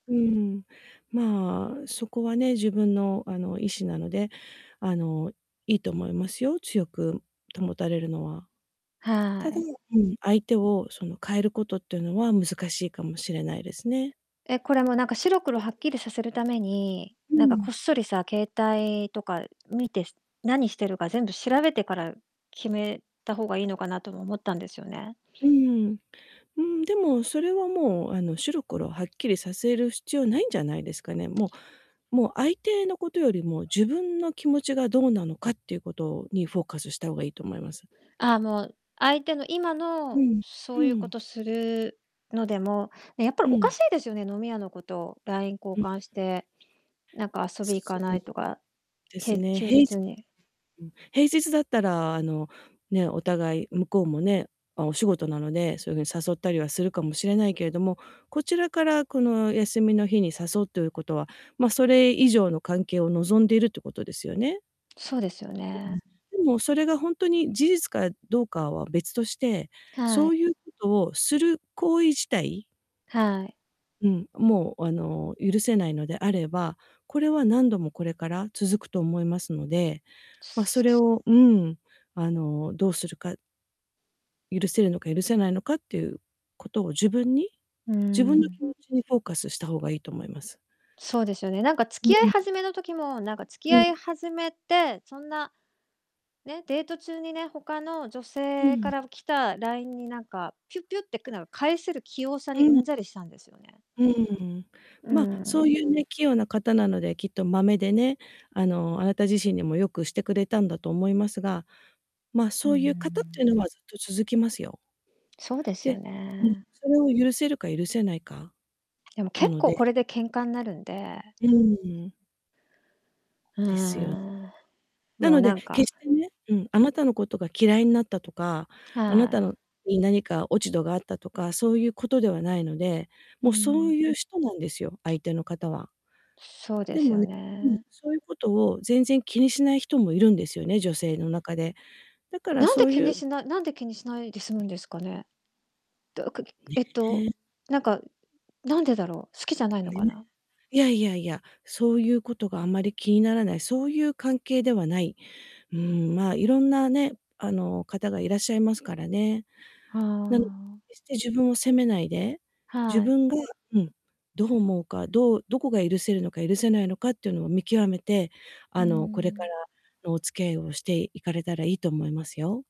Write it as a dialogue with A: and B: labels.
A: うん。まあ、そこはね、自分の、あの、意志なので、あの、良いと思いますよ、強く保たれるのは。
B: は
A: ただ
B: い。
A: うん、相手を、その、変えることっていうのは難しいかもしれないですね。
B: え、これもう、なんか、白黒
A: うん。
B: はっきりさせるために、
A: うー
B: なんか、こ
A: ん。
B: っそりさ、携帯とか見て、し何してるか全部調べてから決めた方がいいのかなとも思ったんですよね。
A: うーん。うーん、でも、それは、もう、あの、白黒はっきりさせる必要ないんじゃないですかね。もうもう相手のことよりも、自分の気持ちがどうなのかっていうことにフォーカスした方がいいと思います。
B: ああ、もう、相手の今
A: う
B: の
A: ん、
B: そ
A: う
B: ういうこと
A: ん。
B: するのでも、やっぱり
A: う
B: おか
A: ん。
B: しいですよね。飲み屋の子と LINE 交
A: うん。
B: 換して、なんか「遊び行か
A: そ
B: な
A: う
B: い？」とか、
A: です
B: へ
A: ね、
B: 休
A: 平
B: 日
A: じ
B: に。
A: うん、平日だったら、あの、ね、お互い、向こうもね、ま、お仕事なので、そういう風に誘ったりはするかもしれないけれども、こちらから、この休みの日に誘うということは、ま、それ以上の関係を望んでるってことですよね。
B: そうですよ
A: うん。
B: ね。
A: でも、それがほんとに事実かどうかは別として、
B: は
A: そう
B: い。
A: いうことをする行為自体
B: はい。
A: うん、もう、あの、許せないのであれば、これは何度もこれから続くと思いますので、ま、それをうん、あの、どうするか許せるのか許せないのかっていうことを自分に、
B: うー
A: 自分の
B: ん。
A: 気持ちにフォーカスした方がいいと思います。
B: そうですよね。なんか、付
A: う
B: き合い
A: ん。
B: 始めの時も、なんか、付き
A: うん。
B: 合い始めって、そんな、ね、デート中にね、他の女
A: う
B: 性か
A: ん。
B: ら来た LINE に、なんか、ぴゅぴゅってくの、返せる器用さ
A: う
B: にう
A: ん。
B: んざりしたんですよね。
A: うん。
B: うー
A: ま、そう
B: ん。
A: いうね、器用な方なので、きっとまめでね、あの、あなた自身にも良くしてくれたんだと思いますが、ま、
B: うー
A: そういう方ってい
B: ん。
A: うのはずっと続きますよ。
B: そうですよ
A: でうん、
B: ね。
A: それを許せるか許せないか、
B: でも、
A: な
B: 結
A: の
B: 構こ
A: で。
B: れで喧嘩んなるんで。
A: うーん。
B: うー
A: ですよ。
B: ん、
A: な
B: もう、
A: の
B: な
A: で、
B: ん
A: 決
B: か
A: してねうん、あなたのことが嫌いになったとか、あな
B: は
A: た
B: い。
A: のに何か落ち度があったとか、そういう事ではないので。
B: う
A: も、
B: ん
A: そ
B: う
A: う
B: ん。
A: いう人なんですよ、相手の方は。
B: そうで
A: で
B: す
A: も
B: よ
A: ねうん、
B: ね。
A: そういうことを全然気にしない人もいるんですよね、女性の中で。だから
B: なんで
A: そう
B: 気
A: い
B: に
A: う
B: しないなんで気にしないで済むんですかね？どうかぎ
A: ね、
B: えっと、
A: へえ。
B: なんか、何でだろう、好きじゃないの
A: ね。
B: かな。
A: いやいやいや、そういうことがあんまり気にならない、そういう関係ではない。うん、ま、色んなね、あの、方がいらっしゃいますからね。
B: は
A: なので、
B: あ。
A: 決して自分を責めないで、自
B: はい。
A: 分がうん、どう思うか、どうどこが許せるのか許せないのかっていうのを見極めて、
B: うー
A: あの、これから
B: ん。
A: のお付き合いをしていかれたらいいと思いますよ。